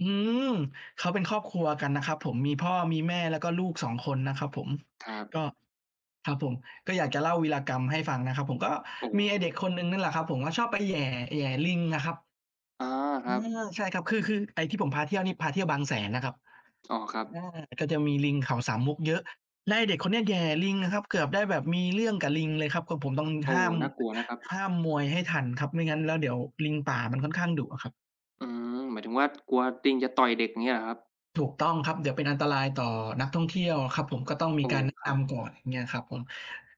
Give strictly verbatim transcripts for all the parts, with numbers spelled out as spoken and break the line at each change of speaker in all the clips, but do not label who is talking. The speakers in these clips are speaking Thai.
อืม เขาเป็นครอบครัวกันนะครับผม มีพ่อ มีแม่ แล้วก็ลูก สอง คนนะครับผม
ครับ
ก็ ครับผม ก็อยากจะเล่าวีรกรรมให้ฟังนะครับผม ก็
โอ้โ
มีไอ้เด
ฮ
็กคนหนึ่งนั่นแหละครับผม เขาชอบไปแหย่ แหย่ลิงอะครับ
อ๋อ ค
อื
รับ
อ ใช่ครับ คือ คือไอ้ที่ผมพาเที่ยวนี่พาเที่ยวบางแสนนะครับ
อ๋อ ครั
อ
บ
า ก็จะมีลิงเขาสามมุกเยอะ แล้วไอ้เด็กคนเนี้ย แหย่ลิงอะครับ เกือบได้แบบมีเรื่องกับลิงเลยครับ ก็ผมต้อง
โอ
ห
้
้าม
น่ากลัวนะครับ
ห้ามมวยให้ทันครับ ไม่งั้นแล้วเดี๋ยว ลิงป่ามันค่อนข้างดุอะครับ
อืม หมายถึงว่า กลัวติงจะต่อยเด็ก อย่างเงี้ยเหรอครับ?
ถูกต้องครับ เดี๋ยวเป็นอันตรายต่อนักท่องเที่ยวอะครับผม ก็ต้องม
โอ
ี
้
การแนะ
คร
น
ับ
ำก่อน อย่างเงี้ยครับผม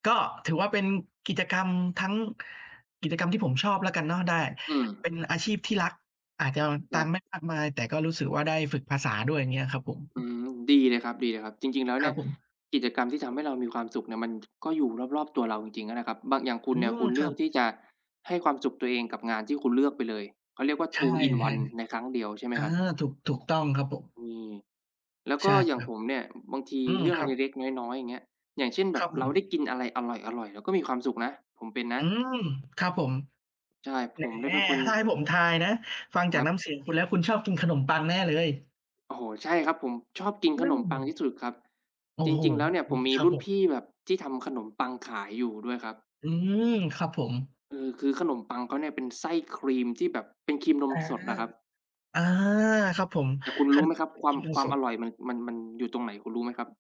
ก็ถือว่าเป็นกิจกรรม ทั้ง กิจกรรมที่ผมชอบแล้วกันเนาะ ได้
อื
เป
ม
็นอาชีพที่รัก อาจจะ
ค
ตั
รั
งค
บ
์ไม่มากมาย แต่ก็รู้สึกว่าได้ฝึกภาษาด้วย อย่างเงี้ยครับผม
อืม ดีเลยครับ ๆ จริง ๆ แล้ว
ค
เน
ร
ี
ั
่
บ
ย
ผม
กิจกรรมที่ทำให้เรามีความสุขเนี่ย มัน ก็อยู่รอบ ๆ ตัวเราจริง ๆ นั่นแหละครับ บาง อย่างคุ
อ
ณ
ื
เนี่ย ค
ม
ุณเ
ค
ลื
รั
อก
บ
ที่จะให้ความสุขตัวเองกับงานที่คุณเลือกไปเลย เขาเรียกว่า
ใช่
2 in
ใช่ครั
1
บ
ในครั้งเดียวใช่ไหม
เออ
ครับ?
ถูก ถูกต้องครับผม
อืม แล้วก
ใช
็
่
อย่
ค
าง
รั
ผ
บ
มเนี่ย บางที
อืม
เรื่อ
ค
ง
รั
เ
บ
ล็ก ๆ น้อย ๆ อย่างเงี้ย อย่างเช่น แบ
คร
บ
ับผ
เราได้
ม
กินอะไรอร่อย ๆ เราก็มีความสุขนะ ผมเป็นน
อ
ะ
ืม ครับผม
ใช่ ผ
แหม
มเนี่ยเป็นคน
ถ้าให้ผมทายนะ ฟัง
ค
จา
ร
ก
ั
น
บ
้ำเสียงคุณแล้ว คุณชอบกินขนมปังแน่เลย
โอ้โฮ ใช่ครับ ผมชอบกินข
นั
น
่น
ม
ไ
ปังท
ง
ี่สุดครับ
โอ้
จร
โฮ
ิง ๆ แล้วเนี่ย
อ
ผ
ุ๊
ม
ย
มี
ครั
ร
บ
ุ่น
ผ
พ
ม
ี่แบบที่ทำขนมปังขายอยู่ด้วยครับ
อืม ครับผม
เออ คือขนมปังเขาเนี่ย เป็นไส้ครีมที่แบบเป็นครีมนม
อา
สดน่ะครับ
อา ครับผม
แต่คุณ
ข
รู้
น
ไหม
ม
ครับ
ปัง
คว
ค
า
รี
ม
มนม
ควา
ส
มอ
ด
ร่อยมัน มัน มันอยู่ตรงไหน คุณรู้ไหมครับ?